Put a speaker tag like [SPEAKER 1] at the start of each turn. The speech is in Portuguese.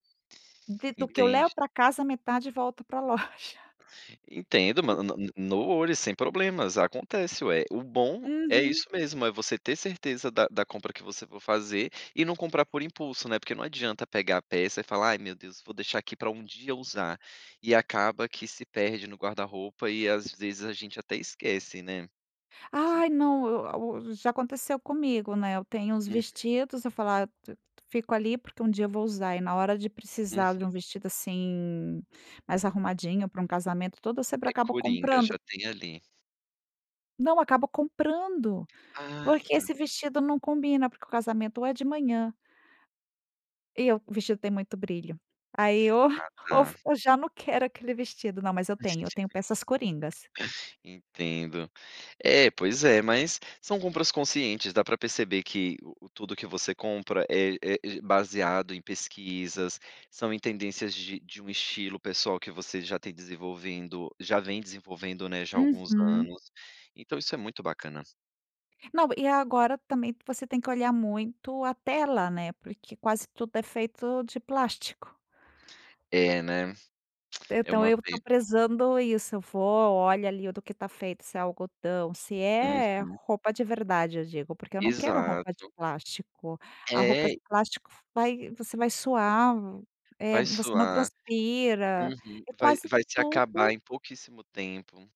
[SPEAKER 1] De do que eu levo
[SPEAKER 2] Entendi.
[SPEAKER 1] pra casa, metade volta pra loja.
[SPEAKER 2] Entendo, ma ma no olho, sem problemas, acontece, ué. O bom é
[SPEAKER 1] Uhum.
[SPEAKER 2] isso mesmo. É você ter certeza da da compra que você for fazer, e não comprar por impulso, né, porque não adianta pegar a peça e falar: "Ai, meu Deus, vou deixar aqui pra um dia usar". E acaba que se perde no guarda-roupa e, às vezes, a gente até esquece, né.
[SPEAKER 1] Ai, não! Eu a u já aconteceu comigo, né. Eu tenho uns
[SPEAKER 2] Uhum.
[SPEAKER 1] vestidos, eu falo: "Ah, t fico ali porque um dia eu vou usar", e na hora de precisar
[SPEAKER 2] Uhum.
[SPEAKER 1] de um vestido, assim, mais arrumadinho para um casamento todo, eu sempre
[SPEAKER 2] É
[SPEAKER 1] acabo
[SPEAKER 2] curinga,
[SPEAKER 1] comprando.
[SPEAKER 2] já tem ali.
[SPEAKER 1] Não, acabo comprando!
[SPEAKER 2] Ah,
[SPEAKER 1] Porque
[SPEAKER 2] tá.
[SPEAKER 1] esse vestido não combina, porque o casamento, ou é de manhã E o o vestido tem muito brilho. Aí, o
[SPEAKER 2] Ah,
[SPEAKER 1] o
[SPEAKER 2] tá.
[SPEAKER 1] v eu já não quero aquele vestido. Não, mas eu tenho. Eu tenho
[SPEAKER 2] [unintelligible]
[SPEAKER 1] peças coringas.
[SPEAKER 2] Entendo. É, pois é, mas, são compras conscientes. Dá pra perceber que o tudo que você compra é é baseado em pesquisas, são em tendências de de um estilo pessoal que você já tem desenvolvendo já vem desenvolvendo, né, já há alguns
[SPEAKER 1] Uhum.
[SPEAKER 2] anos. Então isso é muito bacana.
[SPEAKER 1] Não, e agora também você tem que olhar muito a tela, né, porque quase tudo é feito de plástico.
[SPEAKER 2] É, né. É
[SPEAKER 1] Então
[SPEAKER 2] uma
[SPEAKER 1] eu tô
[SPEAKER 2] pena.
[SPEAKER 1] prezando isso. Eu vou, olho ali o do que tá feito, se é algodão, se é
[SPEAKER 2] Uhum.
[SPEAKER 1] roupa de verdade, eu digo, porque eu não quero roupa de
[SPEAKER 2] Exato.
[SPEAKER 1] plástico. A roupa
[SPEAKER 2] É.
[SPEAKER 1] de plástico vai você vai suar, é
[SPEAKER 2] Vai
[SPEAKER 1] você não
[SPEAKER 2] suar.
[SPEAKER 1] transpira
[SPEAKER 2] Uhum.
[SPEAKER 1] é
[SPEAKER 2] Vai
[SPEAKER 1] quase
[SPEAKER 2] vai te acabar
[SPEAKER 1] tudo
[SPEAKER 2] em pouquíssimo tempo.